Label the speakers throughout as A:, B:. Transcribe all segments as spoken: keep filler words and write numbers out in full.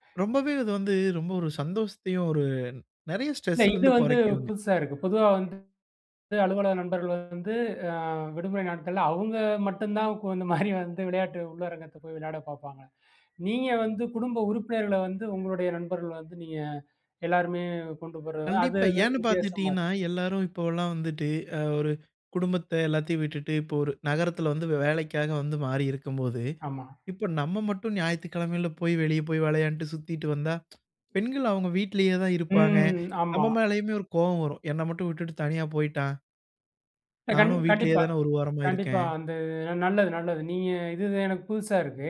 A: ரொம்பவே அது வந்து, ரொம்ப ஒரு சந்தோஷத்தையும், ஒரு நிறைய
B: இல்ல
A: ஸ்ட்ரெஸ்ல
B: இது
A: இருந்து
B: வந்து
A: குறைக்குங்க.
B: புதுசா இருக்கு. பொதுவா வந்து அலுவலக நண்பர்கள் வந்து, ஆ விடுமுறை நாட்கள்ல அவங்க மட்டும் தான், குழு மாரி வந்து விளையாட்டு உள்ளரங்கத்தை போய் விளையாடப் பார்ப்பாங்க. நீங்க வந்து குடும்ப உறுப்பினர்கள வந்து உங்களுடைய நண்பர்கள் வந்து நீங்க, எல்லோருமே கொண்டு போறது, அது
A: கண்டிப்பா.
B: வு
A: ஏன்னு
B: வித்தியாசமா இருக்கு.
A: பார்த்துகிட்டிங்கன்னா, எல்லாரும் இப்போலாம் வந்துட்டு, ஆ ஒரு குடும்பத்தை எல்லாத்தையும் விட்டுட்டு, இப்போ ஒரு நகரத்தில வந்து வேலைக்காக வந்து மாறி இருக்கும்போது,
B: ஆமா.
A: இப்போ நம்ம மட்டும் ஞாயித்துக்கிழமையில போய் வெளியே போய் விளையாண்ட்டு சுத்திட்டு வந்தா, பெண்கள் அவங்க வீட்டிலயே தான் இருப்பாங்க,
B: ம் ஆமா.
A: நம்ம மேலேயுமே ஒரு கோவம் வரும், "என்னை மட்டும் விட்டுட்டு தனியா போய்ட்டான்".
B: இல்ல கண்
A: நானும் வீட்டிலயே
B: கண்டிப்பா.
A: தானே ஒரு வாரமா
B: கண்டிப்பா.
A: இருக்கேன்!
B: அந்து நல்லது, நல்லது. நீங்க இது எனக்கு புதுசா இருக்கு.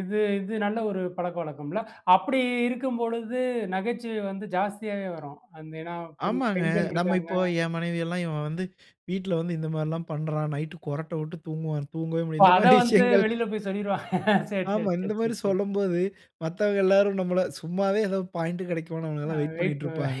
B: இது இது நல்ல ஒரு பழக்கவழக்கம்ல? அப்படி இருக்கும் பொழுது நகைச்சுவை வந்து ஜாஸ்தியாவே வரும், அந்த ஏன்னா பெண்
A: ஆமாங்க.
B: பெண்கள்
A: நம்ம
B: இருக்காங்க.
A: இப்போ, என் மனைவி எல்லாம் "இவன் வந்து, வீட்ல வந்து இந்த மாதிரி எல்லாம் பண்ணுறான், நைட் குறட்டை விட்டு தூங்குவான்" தூங்கவே முடியாது,
B: இப்ப
A: இந்த
B: அத
A: மாதிரி
B: வந்து
A: விஷயங்கள்
B: வெளியில போய் சொல்லிருவாங்க, சேர் சேர்
A: ஆமா. இந்த
B: சேர்
A: மாதிரி
B: சேர் சேர்
A: சொல்லும்போது, மத்தவங்க எல்லாரும் நம்மள சும்மாவே ஏதோ பாயிண்ட் கிடைக்குமான்னு
B: அ
A: அவங்களலாம் வெயிட்
B: வெயிட்
A: பண்ணிகிட்டுருப்பாங்க.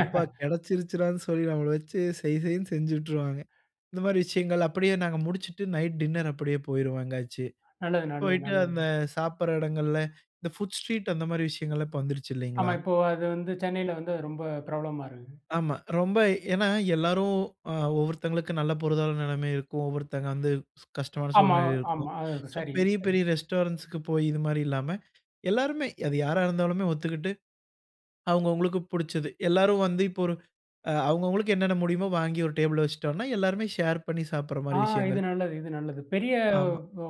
A: அப்பா கிடைச்சிருச்சுடான்னு சொல்லி நம்மள வச்சு செய் செய்ன்னு செஞ்சுட்டுருவாங்க. இந்த மாதிரி விஷயங்கள் அப்படியே நாங்க முடிச்சுட்டு, நைட் டின்னர் அப்படியே போயிருவோம் எங்கயாச்சு.
B: நல்லது நல்லது
A: போயிட்டு அந்த
B: நல்லதுங்க.
A: சாப்பிடற இடங்களில, இந்த ஃபுட் ஸ்ட்ரீட் அந்த மாதிரி விஷயங்கள்லாம் இப்போ வந்துடுச்சு இல்லிங்களா!
B: ஆமா. இப்போ அது வந்து சென்னையில வந்து ரொம்ப பிரபலமா இருக்குது.
A: ஆமா, ரொம்ப. ஏனா, எல்லாரும் அ ஒவ்வொருத்தவங்களுக்கும் நல்ல பொருதான நிலைமை இருக்கும், ஒவ்வொருத்தவங்க வந்து கஷ்டமான
B: ஆமா,
A: சூழ்நிலை இருக்கும்,
B: ஆமா. ஆ
A: சோ
B: சரிங்க,
A: பெரிய
B: சரிங்க.
A: பெரிய ரெஸ்டாரண்ட்ஸ்க்கு போய், இது மாதிரி இல்லாம, எல்லோருமே அது யாரா இருந்தாலுமே ஒத்துக்கிட்டு, அவங்க அவங்களுக்கு பிடிச்சது, எல்லாரும் வந்து இப்போ ஒரு ஆ அவங்க அவங்களுக்கு என்னென்ன முடியுமோ, வாங்கி ஒரு டேபிள்ல வைச்சுட்டோம்னா, எல்லாருமே ஷேர் பண்ணி சாப்பிடுற
B: ஆ
A: மாதிரி
B: இது
A: விஷயங்கள்.
B: நல்லது, இது நல்லது. பெரிய
A: ஆமா.
B: வ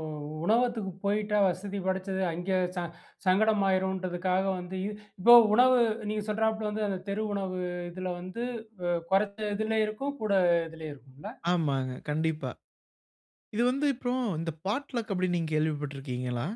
B: உணவகத்துக்கு போயிட்டா, வசதி படைச்சது. அங்கே ச சங்கடமாகிடும்ன்றதுக்காக வந்து இப்போ உணவு நீங்க சொல்கிறாப்ல வந்து அந்த தெரு உணவு, இதில வந்து வ குறைச்ச இதுல இருக்கும், கூட இதுலேயும் இருக்கும்ல?
A: ஆமாங்க, கண்டிப்பா. இது வந்து இப்பறம், இந்த பாட்லக் அப்படினு நீங்க கேள்விப்பட்டு இருக்கிங்களா?